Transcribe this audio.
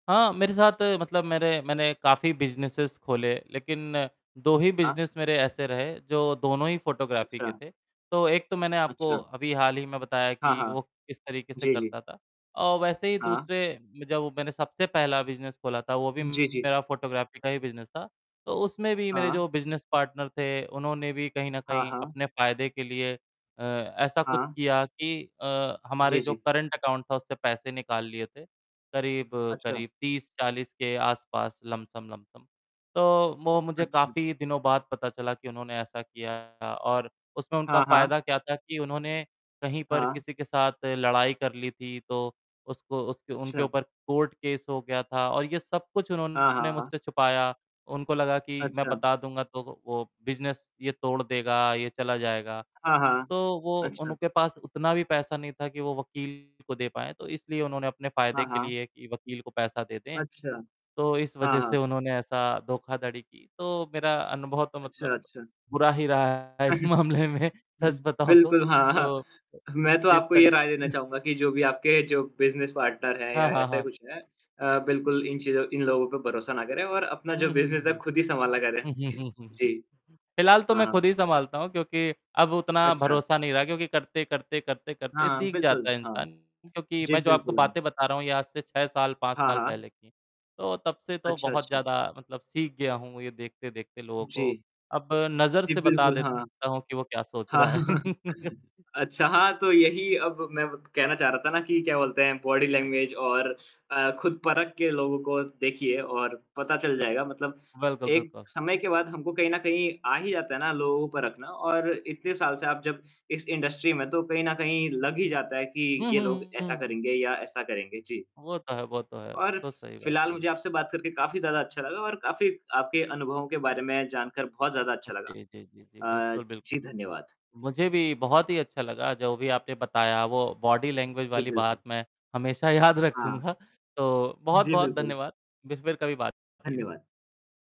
हाँ, मेरे साथ मतलब मेरे मैंने काफ़ी बिज़नेसेज़ खोले, लेकिन 2 ही हाँ। बिज़नेस मेरे ऐसे रहे, जो दोनों ही फ़ोटोग्राफ़ी के अच्छा। थे। तो एक तो मैंने आपको अच्छा। अभी हाल ही में बताया हाँ, कि वो हाँ। किस तरीके से जी, जी। करता था, और वैसे ही हाँ। दूसरे में जब वो मैंने सबसे पहला बिज़नेस खोला था, वो भी जी, जी। मेरा फ़ोटोग्राफ़ी का ही फ़ोटोग्राफ़ी था। तो उसमें भी मेरे हाँ। जो बिज़नेस पार्टनर थे, उन्होंने भी कहीं न हाँ, कहीं हाँ। अपने फ़ायदे के लिए अ, ऐसा कुछ हाँ। किया कि अ, हमारे जी, जो जी। करंट अकाउंट था, उससे पैसे निकाल लिए थे, अच्छा। करीब-करीब 30-40 के आसपास, लमसम-लमसम। तो वो मुझे अच्छा। काफ़ी दिनों बाद पता चला कि उन्होंने ऐसा किया, और उसमें उनका हाँ, हाँ। फ़ायदा क्या था कि उन्होंने कहीं पर हाँ। किसी के साथ लड़ाई कर ली थी, तो उसको उसके उनके अच्छा। ऊपर कोर्ट केस हो गया था, और ये सब कुछ हाँ, उन्होंने हाँ। मुझसे छुपाया। उनको लगा कि मैं अच्छा। बता दूँगा, तो वो वो बिज़नेस ये तोड़ देगा, ये चला जाएगा। हाँ, हाँ। तो वो अच्छा। उनके पास उतना भी पैसा नहीं था कि वो वकील को दे पाएँ। तो इसलिए उन्होंने अपने फ़ायदे हाँ, के हाँ। लिए कि वकील को पैसा दे दें, अच्छा। तो इस हाँ, वज़ह से हाँ। उन्होंने ऐसा धोखाधड़ी की। तो मेरा अनुभव तो मतलब अच्छा, अच्छा। बुरा ही रहा है इस मामले में, अ, सच बताऊँ बिल्कुल, हाँ, हाँ। तो, मैं तो जिस आपको ये तरी राय देना चाहूँगा कि जो भी आपके जो बिज़नेस पार्टनर हैं हाँ, या हाँ, ऐसा ही हाँ। कुछ हैं अ, बिल्कुल, इन चीज़ों इन लोगों पे भरोसा ना करें और अपना जो उम, हुँ, हुँ, बिज़नेस है, आप हुँ। खुद ही सँभाला करें। जी। फिलहाल तो हाँ, मैं हाँ। खुद ही सँभालता हूँ, क्योंकि अब उतना अच्छा। भरोसा नहीं रहा, क्योंकि करते-करते, करते-करते, हाँ, सीख बिल्कुल, जाता है हाँ। इंसान। क्योंकि जी, मैं जो आपको बिल्कुल, हाँ। बातें बता रहा हूँ, ये आज से 6 साल, 5 हाँ, साल हाँ। पहले की हैं, तो तब से तो अच्छा, बहुत अच्छा। ज़्यादा मतलब सीख गया हूँ, ये देखते-देखते लोगों जी। को। अब नज़र जी से बता बिल्कुल, हाँ। देता हूँ कि वो क्या सोच रहा है। हाँ, अच्छा, हाँ तो यही अब मैं व कहना चाह रहा था ना कि क्या बोलते हैं, बॉडी लैंग्वेज और अ, खुद परख के लोगों को देखिए और पता चल जाएगा। मतलब बिल्कुल, एक बिल्कुल। समय के बाद हमको कहीं न कहीं आ ही जाता है ना लोगों को परखना, और इतने साल से आप जब इस इंडस्ट्री में हैं, तो कहीं न कहीं लग ही जाता है कि हुँ, ये हुँ, लोग हुँ, हुँ, ऐसा हुँ। करेंगे या ऐसा करेंगे, जी। वो तो है वो तो है, वो और फि तो सही बात फिलहाल, कही। मुझे आपसे बात करके काफ़ी ज़्यादा अच्छा लगा और काफ़ी आपके अनुभवों के बारे में जानकर बहुत ज़्यादा अच्छा लगा। जी, जी, जी, जी, अ, बिल्कुल, जी, बिल्कुल। धन्यवाद। मुझे भी बहुत ही अच्छा लगा, जो भी आपने बताया, वो बॉडी लैंग्वेज जी, वाली बात बिल्कुल। मैं हमेशा याद हाँ। रखूँगा। तो जी, बहुत-बहुत बिल्कुल। धन्यवाद। बिर फिर कभी बात-चीत हो धन्यवाद।